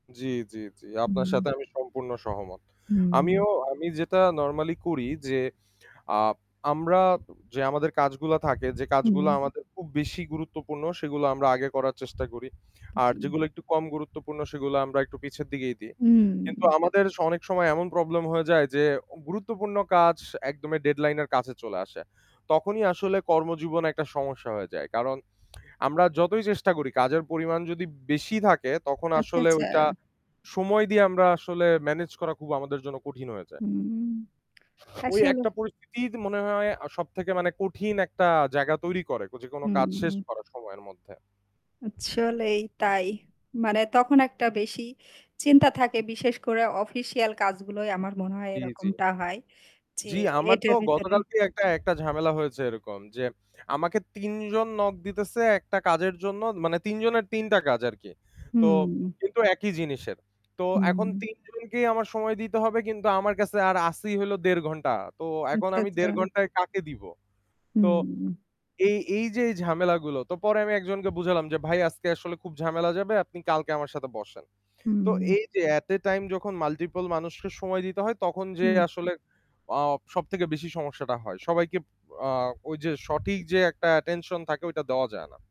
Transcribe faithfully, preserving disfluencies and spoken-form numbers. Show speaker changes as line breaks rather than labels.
জ্বী, জ্বী, জ্বী। আপনার সাথে
উম।
আমি সম্পূর্ণ সহমত।
উম।
আমিও আমি যেটা নরমালি করি যে আ আমরা, যে আমাদের কাজগুলা থাকে যে কাজগুলো
হুম।
আমাদের খুব বেশি গুরুত্বপূর্ণ সেগুলো আমরা আগে করার চেষ্টা করি। আর
জ্বী।
যেগুলো একটু কম গুরুত্বপূর্ণ সেগুলো আমরা একটু পিছের দিকেই দিই। কিন্তু
উম।
আমাদের অনেক সময় এমন প্রবলেম হয়ে যায় যে গুরুত্বপূর্ণ কাজ একদম ডেডলাইন এর কাছে চলে আসে। তখনই আসলে কর্মজীবন একটা সমস্যা হয়ে যায়। কারণ আমরা যতই চেষ্টা করি কাজের পরিমাণ যদি বেশি থাকে তখন
আচ্ছা,
আসলে ওইটা
আচ্ছা।
সময় দিয়ে আমরা আসলে মেনেজ করা খুব আমাদের জন্য কঠিন হয়েছে।
উম
ওই
আসলে
একটা পরিস্থিতি মনে হয় সবথেকে মানে কঠিন একটা জায়গা তৈরি করে। যেকোনো কাজ শেষ
হুম।
করা সময়ের মধ্যে।
চলেই তাই। মানে তখন একটা বেশি চিন্তা থাকে, বিশেষ করে অফিসিয়াল কাজগুলোই আমার মনে হয়
জ্বী, জ্বী।
এরকমটা হয় যে
জ্বী, আমার তো
এটার ভেতরে
গতকালকেই একটা ঝামেলা হয়েছে এরকম যে আমাকে তিন জন নক দিতেছে একটা কাজের জন্য মানে তিনজনের তিন টা কাজ আরকি। তো
হুম।
কিন্তু একই জিনিসের। তো এখন
হুম।
তিন জনকেই আমার সময় দিতে হবে কিন্তু আমার কাছে আর আসি হল দেড় ঘন্টা। তো এখন
আচ্ছা,
আমি
আচ্ছা।
দেড় ঘন্টায় কাকে দিব। তো
হুম।
এই, এই যে এই ঝামেলাগুলো তো পরে আমি একজনকে বুঝালাম যে ভাই আজকে আসলে খুব ঝামেলা যাবে আপনি কালকে আমার সাথে বসেন। তো
হুম।
এই যে এটি আ টাইম যখন মাল্টিপল মানুষকে সময় দিতে হয় তখন যে
হুম।
আসলে আ সবথেকে বেশি সমস্যাটা হয়। সবাইকে আ ঐযে সঠিক যে একটা অ্যাটেনশন থাকে ওইটা দেওয়া যায় না।